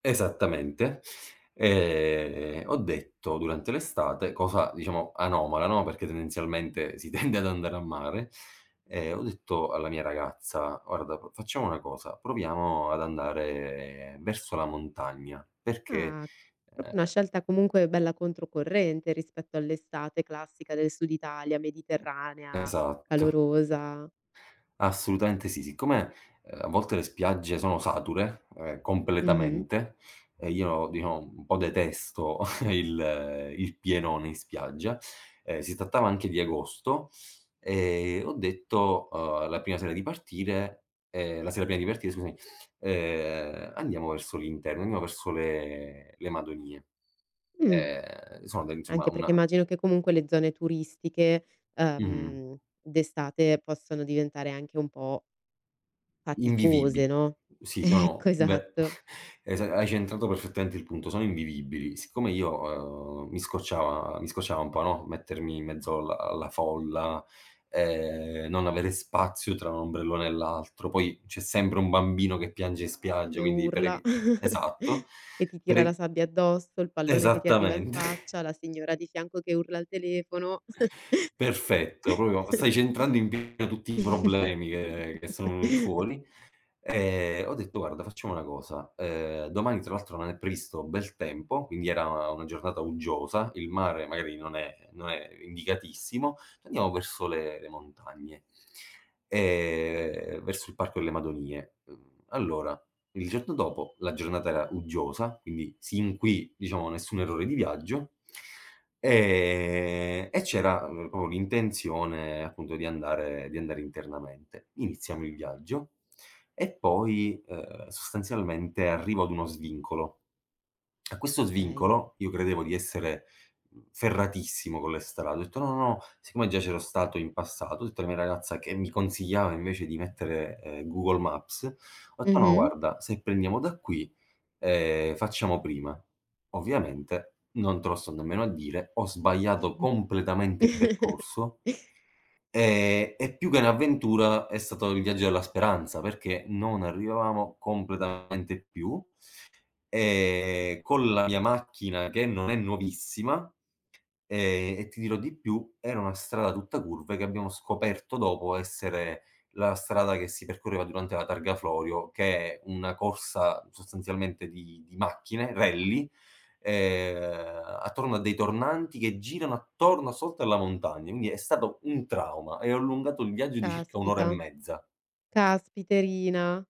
Esattamente. Ehm, ho detto, durante l'estate, cosa, diciamo, anomala, no, perché tendenzialmente si tende ad andare al mare, ehm, ho detto alla mia ragazza: "Guarda, po facciamo una cosa, proviamo ad andare verso la montagna, perché, Ah, proprio una uhm" scelta comunque bella controcorrente rispetto all'estate classica del Sud Italia, Mediterranea, Esatto. calorosa. Assolutamente sì. Siccome, uhm, a volte le spiagge sono sature, ehm, Mh-mh. completamente, e io, diciamo, un po' detesto il il pienone in spiaggia, ehm, si trattava anche di agosto, ehm, e ho detto, uhm, la prima sera di partire ehm, la sera prima di partire, scusami, uhm: "Andiamo verso l'interno, andiamo verso le le Madonie." Mh. Ehm, sono insomma Anche perché una immagino che comunque le zone turistiche, Mh-mh. uhm, d'estate possono diventare anche un po' Invivibili. faticose, no, Sì, sono ecco, Beh, esatto. esa hai centrato perfettamente il punto, sono invivibili. Siccome io, uhm, mi scocciava mi scocciava un po', no, mettermi in mezzo alla alla folla, ehm, non avere spazio tra un ombrellone e l'altro, poi c'è sempre un bambino che piange in spiaggia, E quindi per urla, evi esatto, che ti per tira la e sabbia addosso, il pallone che ti arriva in esattamente. faccia, la signora di fianco che urla al telefono. Perfetto, proprio stai centrando in pieno tutti i problemi che che sono venuti fuori, ehm, ho detto: "Guarda, facciamo una cosa, uhm, domani tra l'altro non è previsto bel tempo", quindi era una giornata uggiosa, il mare magari non è non è indicatissimo, "Andiamo verso le le montagne, ehm, verso il Parco delle Madonie." Mhmm, allora, il giorno dopo la giornata era uggiosa, quindi sin qui, diciamo, nessun errore di viaggio, ehm, e c'era, mhmm, proprio l'intenzione appunto di andare di andare internamente. Iniziamo il viaggio, e poi, uhm, sostanzialmente, arrivo ad uno svincolo. A questo Okay. svincolo io credevo di essere, ferratissimo con le strade, ho detto: "No, no, no", siccome già c'ero stato in passato, ho detto alla mia ragazza, che mi consigliava invece di mettere, uhm, Google Maps, ho detto: "No, Mh-mh. guarda, se prendiamo da qui, ehm, facciamo prima." Ovviamente non te lo sto nemmeno a dire, ho sbagliato completamente percorso. Ehm, e più che un'avventura, è stato il viaggio della speranza perché non arrivavamo completamente più, ehm, con la mia macchina che non è nuovissima, ehm, e ti dirò di più, era una strada tutta curve che abbiamo scoperto dopo essere la strada che si percorreva durante la Targa Florio, che è una corsa sostanzialmente di di macchine, rally, ehm, attorno a dei tornanti che girano attorno sotto alla montagna, quindi è stato un trauma e ho allungato il viaggio di circa 1 ora e Caspita. mezza. Caspiterina!